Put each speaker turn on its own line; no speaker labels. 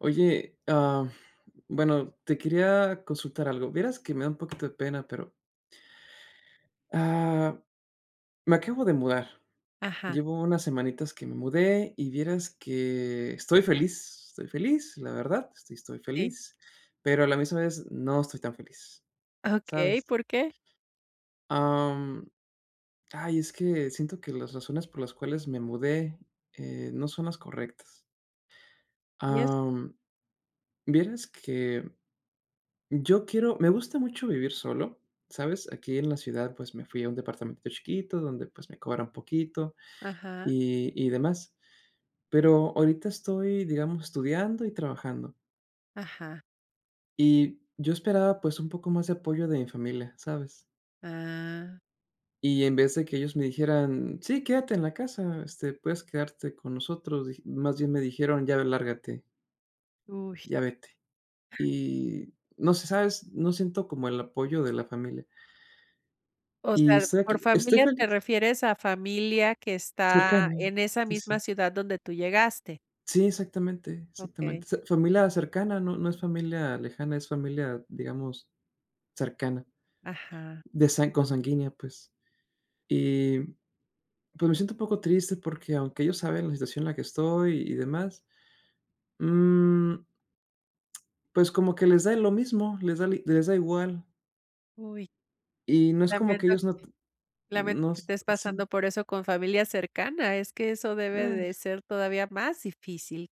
Oye, ah, bueno, te quería consultar algo, vieras que me da un poquito de pena, pero Ah, me acabo de mudar.
Ajá.
Llevo unas semanitas que me mudé y vieras que estoy feliz, estoy feliz, la verdad, sí estoy
Sí.
feliz, pero a la misma vez no estoy tan feliz,
Okey,
¿sabes?
¿por qué?
Em, ay, es que siento que las razones por las cuales me mudé, eh, no son las correctas.
¿Y eso?
Ah, vieras que yo quiero me gusta mucho vivir solo, ¿sabes? Aquí, en la ciudad, pues me fui a un departamento chiquito donde, pues, me cobran poquito
Ajá.
y y demás, pero ahorita estoy, digamos, estudiando y trabajando.
Ajá.
Y yo esperaba, pues, un poco más de apoyo de mi familia, ¿sabes?
Ah.
Y en vez de que ellos me dijeran: "Sí, quédate en la casa, este, puedes quedarte con nosotros", dij más bien me dijeron: "Ya, lárgate"
Uy.
"ya vete". Y no sé, ¿sabes? No siento como el apoyo de la familia.
O
Y
sea,
estoy
por
aquí. Estoy
familia, ¿te
feliz.
refieres a familia que está
Cercano,
en esa
sí,
misma
sí.
ciudad donde tú llegaste?
Sí, exactamente,
Okey.
exactamente. O sea, familia cercana, no no es familia lejana, es familia, digamos, cercana,
Ajá.
de san consanguínea, pues. Y, pues, me siento un poco triste porque, aunque ellos saben la situación en la que estoy y demás. Mm. Pues, como que les da y lo mismo, les da les da igual.
Uy.
Y no es como que
Lamento,
ellos no
lamento
no,
que estés
sí.
pasando por eso con familia cercana. Es que eso debe
Ah.
de ser todavía más difícil.